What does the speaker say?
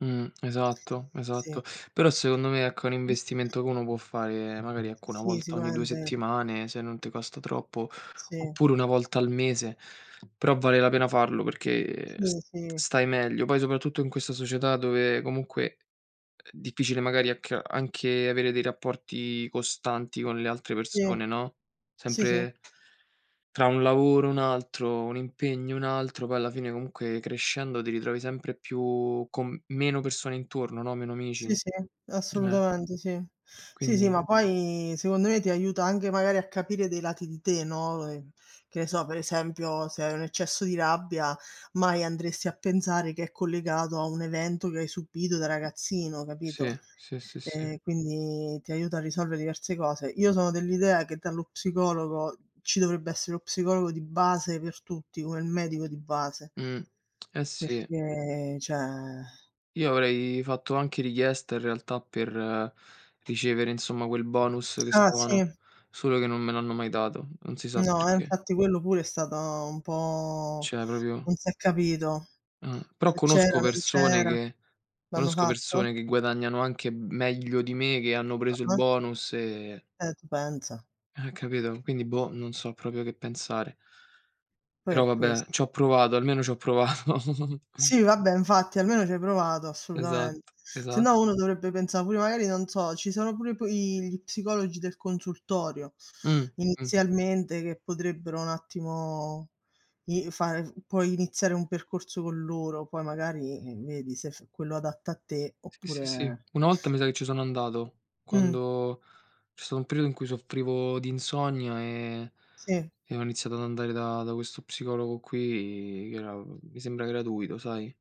Mh, esatto, Sì. esatto. Però secondo me ecco è un [unintelligible] investimento che uno può fare magari, ecco, 1 Sì volta ogni 2 sicuramente. settimane se non te costa troppo, Sì. oppure 1 volta al mese, però vale la pena farlo, perché s Sì, sì. stai meglio. Poi soprattutto in questa società dove comunque uhm, difficile magari a che anche avere dei rapporti costanti con le altre Sì, persone, no, sì, sì. sempre tra un lavoro e un altro, un impegno e un altro, poi alla fine, comunque, crescendo ti ritrovi sempre più con meno persone intorno, no, meno amici. Sì, sì, M eh. assolutamente sì, sì, sì, Quindi ma poi secondo me ti aiuta anche magari a capire dei lati di te, no, ehm, che ne so, per esempio se hai un eccesso di rabbia, mai andresti a pensare che è collegato a un evento che hai subito da ragazzino, capito? Sì, sì, sì, sì. E quindi ti aiuta a risolvere diverse cose. Io sono dell'idea che dallo psicologo ci dovrebbe essere lo psicologo di base per tutti, come il medico di base Mh, eh sì. perché cioè Io avrei fatto anche richiesta in realtà per ricevere, insomma, quel bonus che Ah stavano sì. solo che non me l'hanno mai dato. Non si sa No, e perché. infatti quello pure è stata un po' Cioè proprio non s'è capito, Eh, però se c'era, conosco non persone c'era. che L'hanno conosco fatto? persone che guadagnano anche meglio di me, che hanno preso il Ah-ah. bonus e Eh tu pensa. Eh capito? Quindi boh, non so proprio che pensare. Poi Però è ques vabbè, c'ho provato, almeno c'ho provato. Sì vabbè infatti almeno ci hai provato assolutamente. Esatto, Se esa no uno dovrebbe pensa' pure magari non so, ci sono pure p i gli psicologi del consultorio Mh, mh. inizialmente, che potrebbero un attimo i fare f puoi iniziare un percorso con loro, poi magari, ehm, vedi se f quello adatto a te, Sì, sì, sì. oppure Una volta mi sa che ci sono andato, Mh. quando c'è stato un periodo in cui soffrivo di insonnia e Sì. e ho iniziato ad andare da da questo psicologo qui, che era, mi sembra gratuito, sai?